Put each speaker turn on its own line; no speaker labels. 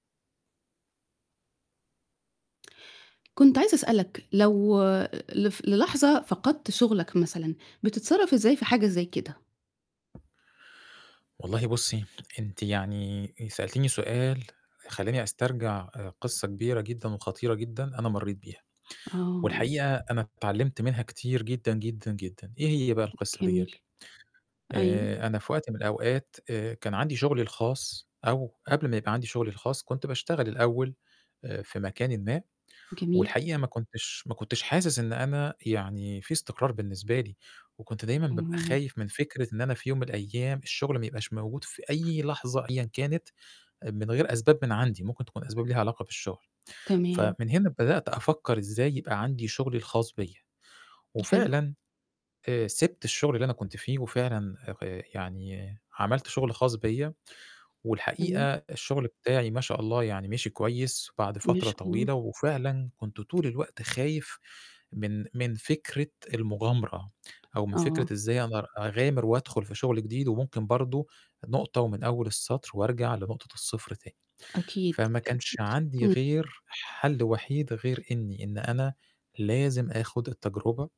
كنت عايزة أسألك لو آآ لف للحظة فقدْت شُغلك مثلًا، بتتصرّف إزاي في حاجة زي كده؟
والله بُصّي، أنتِ يعني آآ سألتيني سؤال خلّاني أسترجَع آآ قِصّة كبيرة جدًا وخطيرة جدًا أنا مرّيت بيها،
آه.
والحقيقة أنا اتعلِّمت منها كتير جدًا، جدًا، جدًا، إيه هي بقى القصة ديّة؟
جميل. أيوه.
آآ أنا في وقت من الأوقات آآ كان عندي شُغلي الخاص أو قبل ما يبقى عندي شُغلي الخاص، كنت باشتغل الأول آآ في مكان ما،
جميل.
والحقيقة ما كنتش ما كنتش حاسس إن أنا يعني في استقرار بالنسبة لي وكنت دايمًا بابقى
اهم.
خايف من فكرة إن أنا في يوم من الأيام الشُغل ما يبقاش موجود في أي لحظة أيًا كانت آآ من غير أسباب من عندي، ممكن تكون أسباب ليها علاقة بالشُّغل.
تمام.
فمن هنا بدأت أفكّر إزاي يبقى عندي شُغلي الخاص بيّا،
حلو.
وفعلًا آآ سِبت الشُغل اللي أنا كنت فيه وفعلًا آآ يعني عملت شُغل خاص بيّا
جميل.
والحقيقة الشُّغل بتاعي ما شاء الله يعني مِشِي كويس بعد
ما
فترة
شاء الله.
طويلة وفعلًا كنت طول الوقت خايف من من فكرة المُغامرة أو من
آه.
فكرة إزاي أقدر أغامِر وأدخُل في شُغل جديد وممكن برضه نقطة ومن أول السطر وأرجع لنقطة الصفر تاني.
أكيد، أكيد،
فما كانش عندي
إمم.
غير حَل وحيد غير إنّي إن أنا لازم آخُد التجربة.